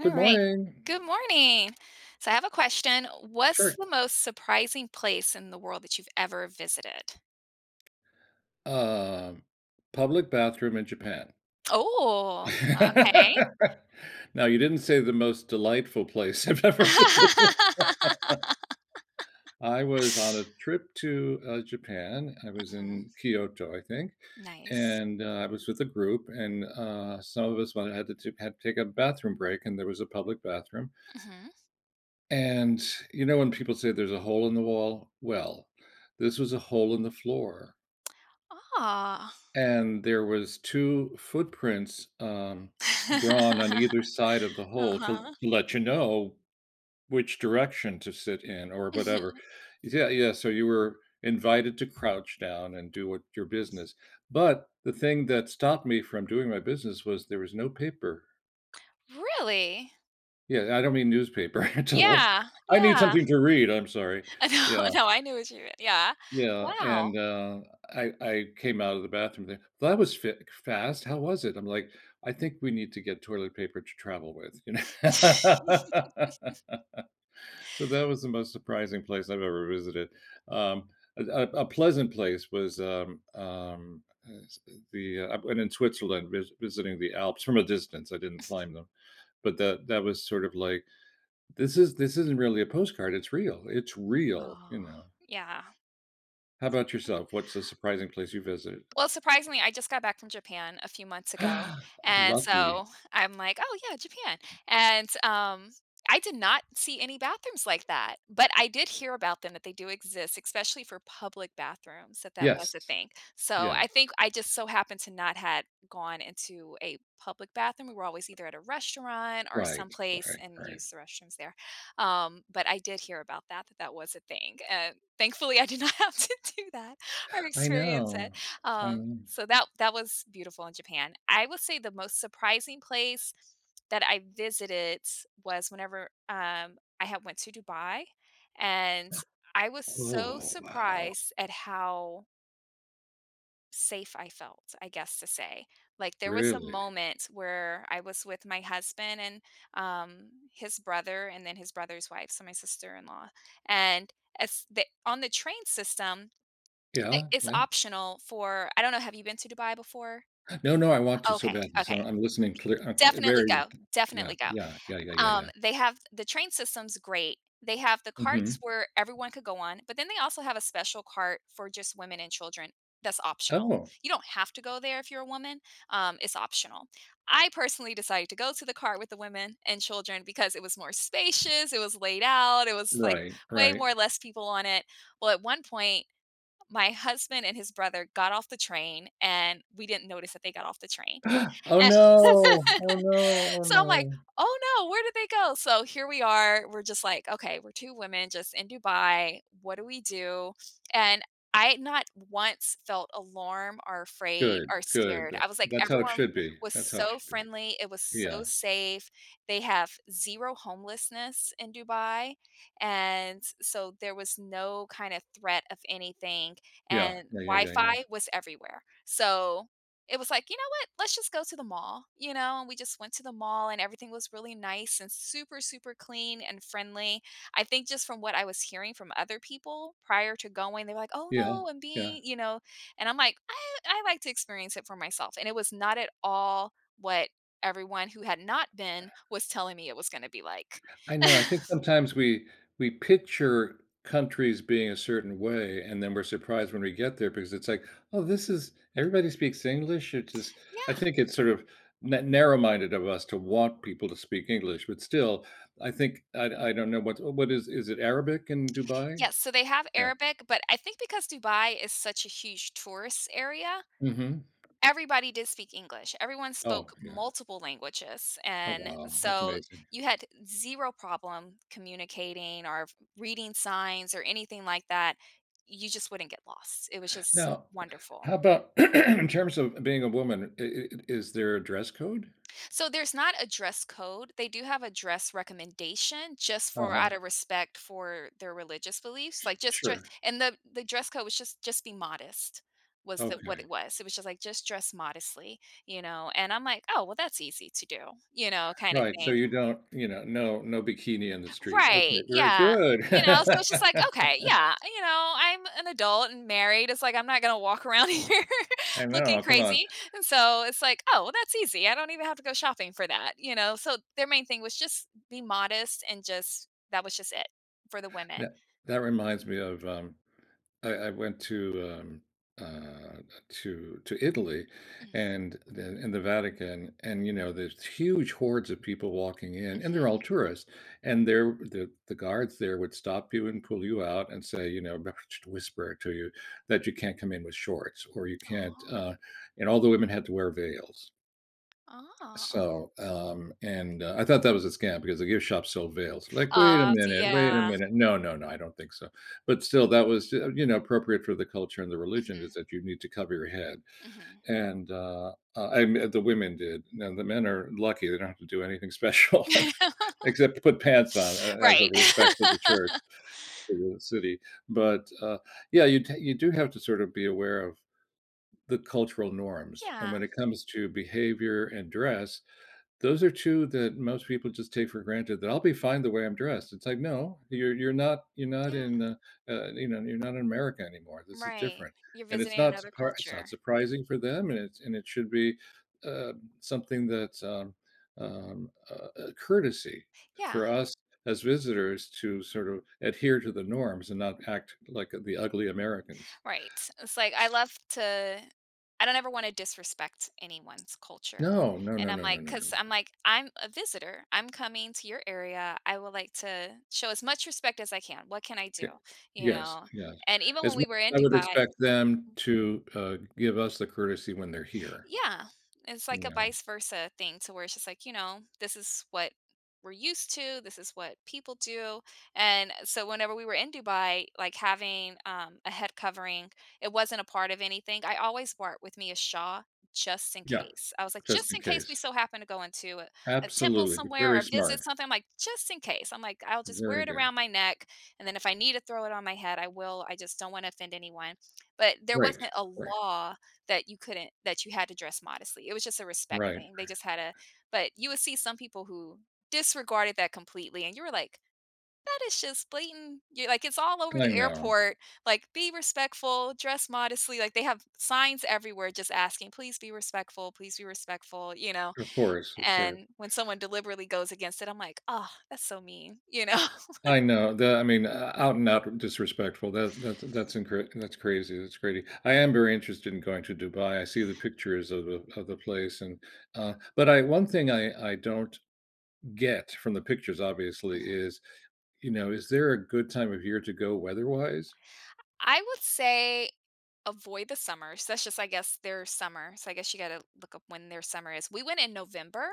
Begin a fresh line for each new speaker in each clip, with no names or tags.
Good
Alright.
morning.
Good morning. So, I have a question. What's
Sure.
the most surprising place in the world that you've ever visited?
Um, public bathroom in Japan.
Ooh, okay.
Now you didn't say the most delightful place I've ever visited. I was on a trip to, uh, Japan, I was
Mhm.
in Kyoto, I think,
Nice.
and I was with a group, and, uh, some of us one had to to had to take a bathroom break, and there was a public bathroom.
Mhm.
And you know when people say there's a hole in the wall? Well, this was a hole in the floor.
Ah.
And there was 2 footprints, um, drawn on either side of the hole to
Uh-huh.
to let you know which direction to sit in or whatever,
Mhm.
yeah yeah, so you were invited to crouch down and do what your
Yes.
business. But the thing that stopped me from doing my business was there was no paper.
Really?
Yeah, and I don't mean newspaper. Total
Yeah,
[unintelligible] I need
yeah.
something to read, I'm sorry.
Uh, no,
Yeah.
no, I knew what you meant Yeah,
Yeah, and
wow.
uh, I I came out of the bathroom, they "That was fac fast, how was it?" I'm like, "I think we need to get toilet paper to travel with," you kno So that was the most surprising place I've ever visited. Um, a a a pleasant place was, um, um, uh uh, the uh I went in Switzerland vis visiting the Alps, from a distance, I didn't climb them, but the that was sort of like, this is this isn't really a postcard, it's real, it's
Mhm,
real, you
oh,
know.
yeah.
How about
[unintelligible]
yourself- what's a surprising place you visited?
Well, surprisingly, I just got back from Japan a few months ago, and
Lovely.
so I'm like, "Oh, yeah, Japan," and um, I did not see any bathrooms like that, but I did hear about them that they do exist, especially for public bathrooms, that that
Yes.
was a thing, so
Yeah.
I think I just so happened to not had gone into a public bathroom, we were always either at a restaurant or
Right,
someplace
right,
and
right.
used the restrooms there. Um, but I did hear about that, that that was a thing. Uh, thankfully, I did not have to do that or
I
experience
know.
it,
I
um,
mm.
so that that was beautiful in Japan. I would say the most surprising place that I visited was whenever um, I had went to Dubai, and I was so
Oh, wow.
surprised at how safe I felt, I guess, to say, like, there was a
Really?
moment where I was with my husband and, um, his brother and then his brother's wife, so my sister-in-law, and as the on the train system, I
Yeah,
it's
yeah.
optional for I don't know, have you been to Dubai before?
No, no, I want to so
Okay,
badly, so
okay.
I'm listening clear uh, eh
Definitely
very
go.
yeah,
Definitely go.
yeah, yeah, yeah, yeah, yeah.
Um, they have the train system's great. They have the carts
Mhm.
where everyone could go on, but then they also have a special cart for just women and children that's optional.
Oh.
You don't have to go there if you're a woman, um, it's optional. I personally decided to go to the cart with the women and children because it was more spacious, it was laid out, it was, like,
Right,
way
right.
more less people on it. Well, at one point, my husband and his brother got off the train, and we didn't notice that they got off the train,
Oh,
and
no. Oh, no, oh,
so I'm like,
no.
"Oh, no, where did they go?" So, here we are, we're just like, "Okay, we're two women just in Dubai, what do we do?" and I not once felt alarm or afraid
Good,
or
good,
scared,
tha
I was like,
that's how it
everyone
should be.
was
That's how it
so
should be.
friendly, it was so
Yeah.
safe. They have zero homelessness in Dubai, and so there was no kind of threat of anything,
Yeah.
and
Yeah, yeah, yeah, yeah.
Wi-Fi was everywhere, so, it was like, "You know what? Let's just go to the mall," you know, and we just went to the mall, and everything was really nice and super, super clean and friendly. I think just from what I was hearing from other people prior to going, they were like, "Oh,
Yeah,
no, I'm
yeah.
being" you know, and I'm like, "I I like to experience it for myself," and it was not at all what everyone who had not been was telling me it was gonna be like.
I know, I think sometimes we we picture countries being a certain way, and then we're surprised when we get there because it's like, "Oh, this is everybody speaks English, it just," I
Yeah.
think it's sort of na narrow minded of us to want people to speak English, but still, I think I-I don't know what-what is is it Arabic in Dubai?
Yes, so they have
Yeah.
Arabic, but I think because Dubai is such a huge tourist area,
Mhm.
everybody did speak English, everyone spoke
Oh, yeah.
multiple languages,
Oh,
and
wow. That's
so
amazing.
you had zero problem communicating or reading signs or anything like that. You just wouldn't get lost it was just
Now,
wonderful.
how about in terms of being a woman, i i i
Mm.
is there a dress code?
So, there's not a dress code, they do have a dress recommendation just for
Uh-huh.
out a respect for their religious beliefs,
Su
like, just dre
sure.
and the the dress code was just just be modest was tha what
Okay.
it was, it was just, like, just dress modestly, you know, and I'm like, "Oh, well, that's easy to do," you know, kinda
Right, so
thing.
you don't, you know, no no bikini in the street, okay,
Right,
very
yeah.
good.
You know, so it's just like, "Okay, yeah, you know, I'm an adult and married," it's like, "I'm not gonna walk around here
I know,
looking
come on.
crazy," and so, it's like, "Oh, well, that's easy, I don't even have to go shopping for that," you know, so their main thing was just be modest and just, that was just it for the women.
Tha that reminds me of, um, I I went to, um, uh, to to Italy
Mm.
and the in the Vatican, and, you know, there's huge hordes of people walking in, and they're all
Mhm.
tourists, and they're the the guards there would stop you and pull you out and say, you know not sh whisper to you that you can't come in with shorts or you can't,
Oh.
uh, and all the women had to wear veils.
Ah.
So, um, and, uh, I thought that was a scam because the gift shop sold veils, like, "Wait a
Ah, see,
minute, wait a
yeah.
minute, no, no, no, I don't think so," but still, that was, eh uh, you know, appropriate for the culture and the religion
Mhm.
is that you need to cover your head.
Mhm.
And, uh, uh, I men the women did, now the men are lucky, they don't have to do anything special except to put pants on a as a
Right.
respect for the church to the city, but, uh, yeah, you ta you do have to sort of be aware of the cultural norms, and
Yeah.
when it comes to behavior and dress, those are two that most people just take for granted that I'll be fine the way I'm dressed, it's like, "No, you're you're not, you're not
Yeah.
in, uh, uh, you know, you're not in America anymore, this is
Right,
different,"
you're
and it's
visiting
not
another
surpri it's
culture.
not surprising for them, and it's and it should be, uh, something that's, um um, uh, a courtesy for
Yeah.
us as visitors to sort of adhere to the norms and not act like, the ugly Americans.
Right. It's like, I
S
love to I don't ever wanna disrespect anyone's culture
No, no,
and
no,
I'm
no, no,
like,
no, no,
'cause
no.
I'm like, "I'm a visitor, I'm coming to your area, I would like to show as much respect as I can, what can I
Ye
do?" You
yes,
know?
yes,
And even
as
when
well,
we were in
I would
Dubai
expect them to, uh, give us the courtesy when they're here.
Yeah, it's
You
like a
know?
vice versa thing to where it's just like, you know, this is what we're used to, this is what people do, and so, whenever we were in Dubai, like, having, um, a head covering, it wasn't a part of anything, I always brought with me a shaw just in
Yeah,
case. I was like,
just
"Just
in
in case we
case.
so happen to go into a temple
Absolutely, v
somewhere
very
or
smart.
visit something," I'm like, "Just in case," I'm like, "I'll just wear
Very
it
good.
around my neck, and then if I need to throw it on my head, I will, I just don't wanna offend anyone." But there
Right.
wasn't a
Right.
law that you couldn't that you had to dress modestly. It was just a respect
Right, right.
thing. They just had a but you would see some people who disregarded that completely, and you were like, "That is just blatant" ye like, "It's all over
I
the
know.
airport," like, "Be respectful, dress modestly," like, "They have signs everywhere just asking, please be respectful, please be respectful," you know?
Of course, of course.
And when someone deliberately goes against it, I'm like, "Ugh, that's so mean," you know?
I know, the I mean, ou out and out disrespectful, that that's in that's incorrect, that's crazy, it's crazy I am very interested in going to Dubai, I see the pictures of of of the place, and, uh but I one thing I I don't get from the pictures, obviously
Mhm.
is, you know, is there a good time of year to go weather wise?
I I would say avoid the summer, so that's just, I guess, their summer. So I guess you gotta look up when their summer is. We went in November,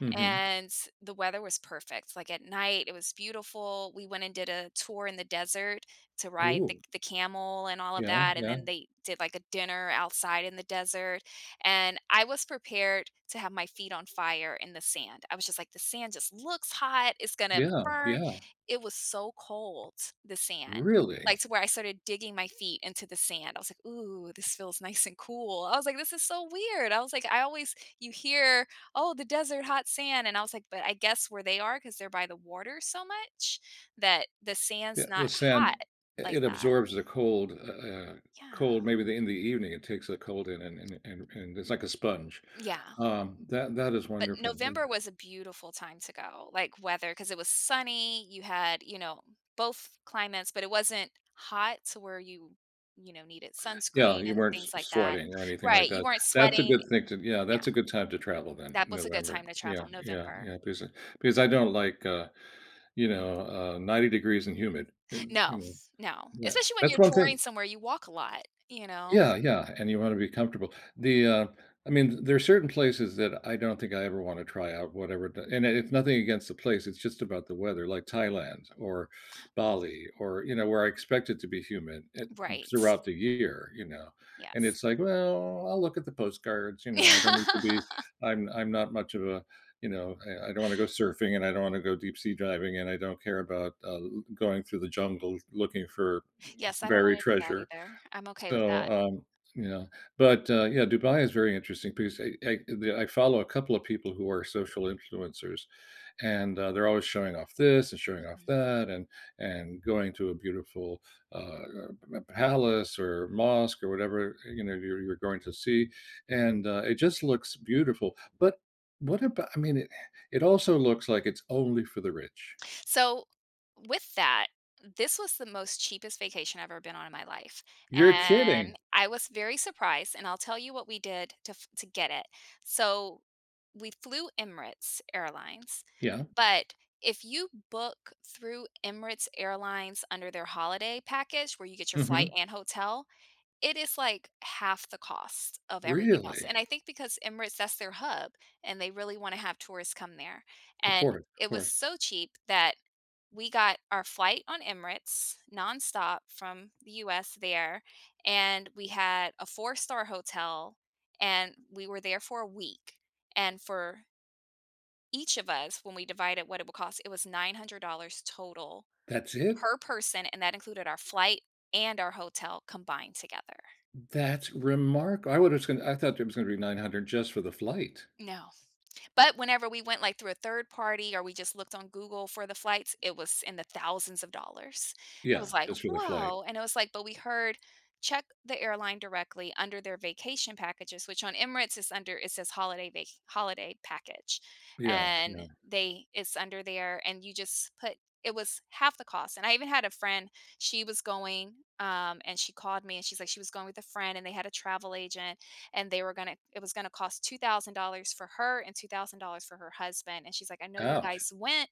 Mhm.
and the weather was perfect, like, at night, it was beautiful. We went and did a tour in the desert to ride the
Ooh.
the camel and all of
Yeah,
that, and
yeah.
then they did, like, a dinner outside in the desert, and I was prepared to have my feet on fire in the sand. I was just like, "The sand just looks hot, it's gonna
Yeah,
burn."
yeah.
It was so cold, the sand,
Really?
like, to where I started digging my feet into the sand. I was like, "Ooh, this feels nice and cool." I was like, "This is so weird." I was like, I always you hear, "Oh, the desert, hot sand." And I was like, but I guess where they are 'cause they're by the water so much that the
Yeah,
sand's
the
not
sand
hot like
it it
that.
absorbs the cold uh uh uh,
Yeah.
cold maybe in the in the evening, it takes the cold in and and and and it's like a sponge.
Yeah.
Um, that that is
But
wonderful,
November
wonder
was a beautiful time to go, like, weather, 'cause it was sunny, you had, you know, both climates, but it wasn't hot to where you, you know, needed
Yeah,
sunscreen
you
and
weren't s
things like that.
sweating or anything like
Right, you
that.
weren't
That's a good
sweating
thing to Yeah, that's
Yeah.
a good time to travel then-
That was a good
November.
time to
Yeah,
travel,
yeah,
November.
yeah because I because I don't like, uh, you know, uh, 90 degrees and humid. It's, you
No,
know
no,
yeah,
especially when
that's
you're
one
touring
thing
somewhere, you walk a lot, you know?
Yeah, yeah, and you wanna be comfortable. The, uh I mean, there are certain places that I don't think I ever wanna try out whatever the and and it's nothing against the place, it's just about the weather, like Thailand or
Mm.
Bali or, you know, where I expect it to be humid, eh,
Right, s
throughout the year, you know? And
Yes.
it's like, well, I'll look at the postcards, you
Yeah.
know, I don't need to be I'm I'm not much of a you know, I I don't wanna go surfing and I don't wanna go deep-sea diving and I don't care about, uh, l going through the jungle looking for
Yes, I don't
buried
wanna do that
treasure,
either. I'm okay with
so,
that.
um you know? But, uh, yeah, Dubai is a very interesting piece. I I the, uh I follow a couple of people who are social influencers, and, uh, they're always showing off this and showing off
Mhm.
that and- and going to a beautiful, uh, er a p palace or mosque or whatever, you know, you're you're going to see, and, uh, it just looks beautiful, but what abou I mean, eh it also looks like it's only for the rich.
So, with that, this was the most cheapest vacation I've ever been on in my life,
You're
and
kidding!
I was very surprised, and I'll tell you what we did to f to get it. So, we flew Emirates Airlines,
Yeah.
but if you book through Emirates Airlines under their holiday package where you get your flight
Mhm.
and hotel, it is, like, half the cost of everything else,
Really?
and I think because Emirates that's their hub, and they really wanna have tourists come there,
Of
and
course, of
it was
course.
so cheap that we got our flight on Emirates nonstop from the US there, and we had a four-star hotel, and we were there for a week, and for each of us, when we divide it what it would cost, it was $900 total,
That's it?
per person, and that included our flight and our hotel combined together.
That's remarka I would assume I thought it was gonna be $900 just for the flight.
No, but whenever we went, like, through a third party or we just looked on Google for the flights, it was in the thousands of dollars, and it
Yeah,
was like,
just for the flight.
"Whoa." And I was like, but we heard check the airline directly under their vacation packages, which on Emirates is under it says holiday va holiday package,
Yeah,
and
yeah.
they it's under there, and you just put It was half the cost, and I even had a friend, she was going, um, and she called me, and she's like, she was going with a friend, and they had a travel agent, and they were gonna it was gonna cost $2,000 for her and $2,000 for her husband. And she's like, "I know you
Ouch.
guys went,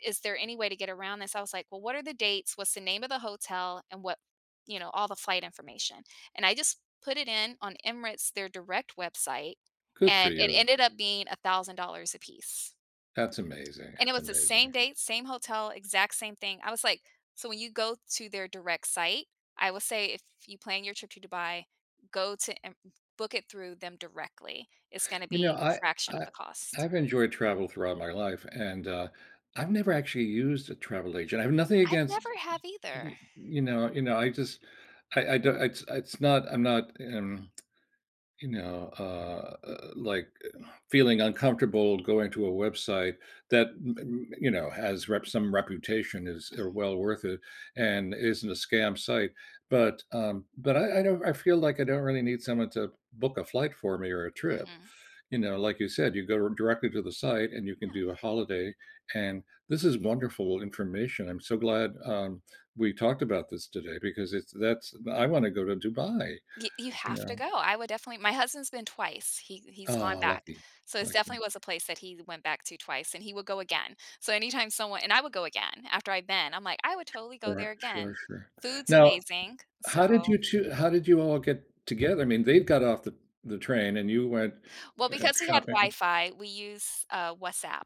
is there any way to get around this?" I was like, "Well, what are the dates? What's the name of the hotel? And what" you know, all the flight information. And I just put it in on Emirates, their direct website,
Good for
and it
you.
ended up being $1,000 apiece.
That's amazing,
And it
that's
was the same
amazing.
dates, same hotel, exact same thing. I was like so when you go to their direct site, I will say if you plan your trip to Dubai, go to Em book it through them directly. It's gonna
You know,
be a
I
fraction of
I
the cost.
I've enjoyed travel throughout my life, and, uh, I've never actually used a travel agent. I have nothing
I've
against,
never have
y y
either.
you know you know, I just I I don't it's it's not I'm not, eh, mm, you know, uh uh uh, like, uh, feeling uncomfortable going to a website that, mm mm you know, has rep some reputation is, uh,
Mhm.
well worth it and isn't a scam site, but, um, but I I don't I feel like I don't really need someone to book a flight for me or a trip,
Mhm.
you know, like you said, you go r directly to the site and you can
Yeah.
do a holiday, and this is wonderful information, I'm so glad, um, we talked about this today because it's that's I wanna go to Dubai,
Y you
you
have to go,
know?
I would definitely my husband's been twice, he he's gone
Oh,
back.
lucky,
So it's
lucky.
definitely was a place that he went back to twice, and he would go again. So anytime someone and I would go again, after I've been, I'm like, "I would totally go
Alright,
there
sure,
again."
sure.
Food's
Now,
amazing,
how did
so
you two how did you all get together, I mean, they've got off the the train and you went,
Well,
uh,
because we had
shopping
Wi-Fi, we use, uh, WhatsApp.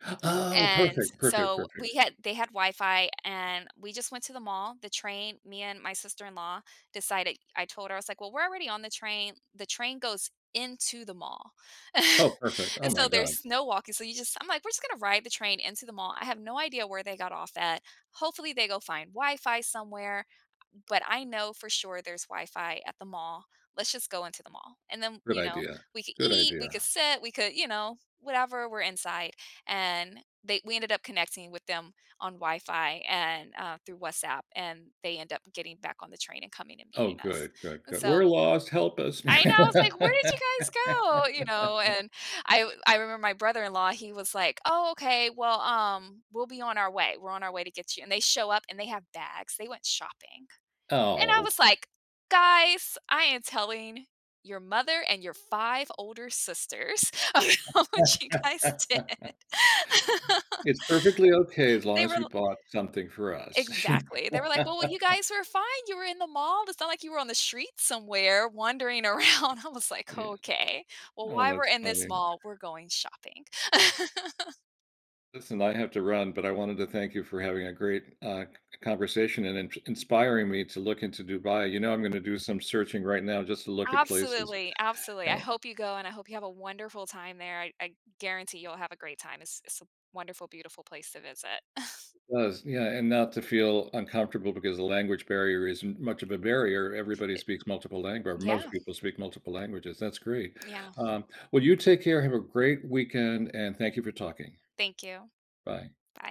Oh,
And
perfect, perfect,
so
perfect.
we had they had Wi-Fi, and we just went to the mall. The train Me and my sister-in-law decided I told her, I was like, "Well, we're already on the train." The train goes into the mall.
Oh, perfect. Oh
And,
my
so
god.
there's no walking, so you just I'm like, "We're just gonna ride the train into the mall. I have no idea where they got off at. Hopefully, they go find Wi-Fi somewhere, but I know for sure there's Wi-Fi at the mall. Let's just go into the mall." And then,
Good
you know,
idea.
we could
Good
eat, we
idea.
could sit, we could, you know, whatever. We're inside. And they we ended up connecting with them on Wi-Fi and, uh through WhatsApp, and they end up getting back on the train and coming and
Oh,
meeting us.
good, good,
And
good. "We're
so
lost. Help us."
I know! I was like, "Where did you guys go?" You know? And I I remember my brother-in-law, he was like, "Oh, okay. Well, um, we'll be on our way. We're on our way to get you." And they show up, and they have bags. They went shopping. And I
Oh.
was like, "Guys, I am telling your mother and your 5 older sisters about what you guys did."
"It's perfectly okay as long
They were
as you
l
bought something for us."
Exactly. They were like, "Well, y you guys were fine. You were in the mall. It's not like you were on the street somewhere wandering around." I was like,
Yeah.
"Okay. Well,
Oh,
while we're
that's
in this
funny.
mall, we're going shopping."
Listen. I have to run, but I wanted to thank you for having a great, uh, c conversation and int inspiring me to look into Dubai. You know, I'm gonna do some searching right now just to look at places
Absolutely. Absolutely. I
and
hope you go, and I hope you have a wonderful time there. I I guarantee you'll have a great time. It's it's a wonderful, beautiful place to visit.
It does. Yeah, and not to feel uncomfortable because the language barrier isn't much of a barrier. Everybody
It
speaks multiple lang or most
Yeah.
people speak multiple languages. That's great.
Yeah.
Um, well, you take care. Have a great weekend and thank you for talking.
Thank you.
Bye.
Bye.